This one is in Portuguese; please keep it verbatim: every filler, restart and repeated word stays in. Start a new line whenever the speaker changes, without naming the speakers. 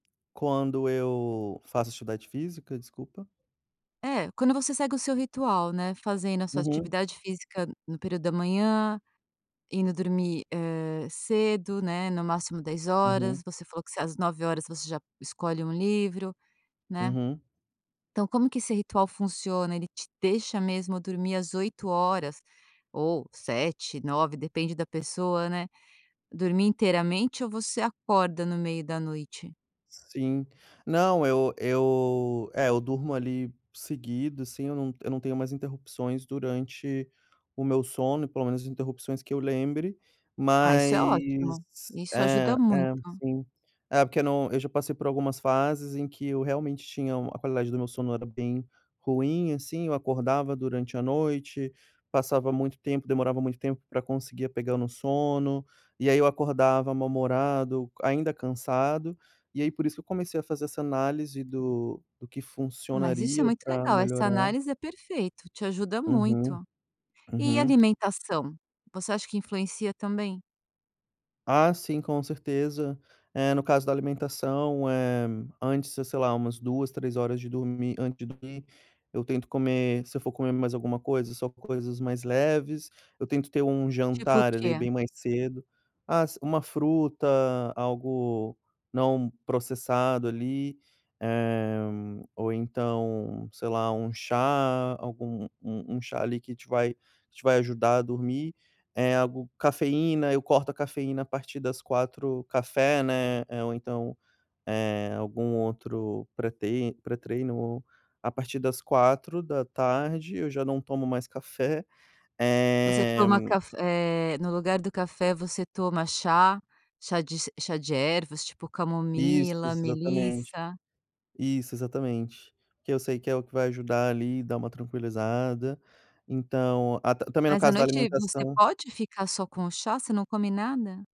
Quando eu faço a atividade física, desculpa?
É, quando você segue o seu ritual, né, fazendo a sua
Uhum.
atividade física no período da manhã, indo dormir, eh, cedo, né, no máximo dez
Uhum.
horas. Você falou que você às nove horas você já escolhe um livro, né.
Uhum.
Então como que esse ritual funciona, ele te deixa mesmo dormir às oito horas ou sete, nove depende da pessoa, né, dormir inteiramente ou você acorda no meio da noite?
Sim. Não, eu eu é, eu durmo, ali, seguido, assim, eu não eu não tenho mais interrupções durante o meu sono e pelo menos interrupções que eu lembre.
Ah, isso é
Mas
ótimo. Isso ajuda
é,
muito.
é, sim. É porque no eu já passei por algumas fases em que eu realmente tinha u a qualidade do meu sono era bem ruim, assim. Eu acordava durante a noite, passava muito tempo, demorava muito tempo pra conseguir pegar o meu sono. E aí eu acordava mal-humorado, ainda cansado, e aí por isso que eu comecei a fazer essa análise do do que
Mas isso é
funcionaria
muito
pra
legal. Essa
melhorar.
análise é perfeito, te ajuda
Uhum,
muito. E
uhum.
alimentação? Você acha que influencia também?
Ah, sim, com certeza. É, no caso da alimentação, eh, antes, se sei lá, umas duas, três horas de dormir antes de dormir eu tento comer se eu for comer mais alguma coisa, só coisas mais leves. Eu tento ter um
Tipo o
jantar, ali, bem
quê?
mais cedo. As uma fruta, algo não processado, ali. Eh, ou então, sei lá, um chá, algum um um chá ali que te vai te vai ajudar a dormir. Eh, algo Cafeína, eu corto a cafeína a partir das quatro café, né, eh, ou então, eh, algum outro pre-trei pré-treino, a partir das quatro da tarde eu já não tomo mais café.
Você
Eh
toma caf eh, no lugar do café você toma chá, chá de ce chá de ervas tipo
Isso,
camomila,
exatamente
melissa?
Isso, exatamente. Porque eu sei que é o que vai ajudar ali, dar uma tranquilizada. Então, a ta também no
Mas à
caso da
noite você
alimentação
pode ficar só com o chá? Você não come nada?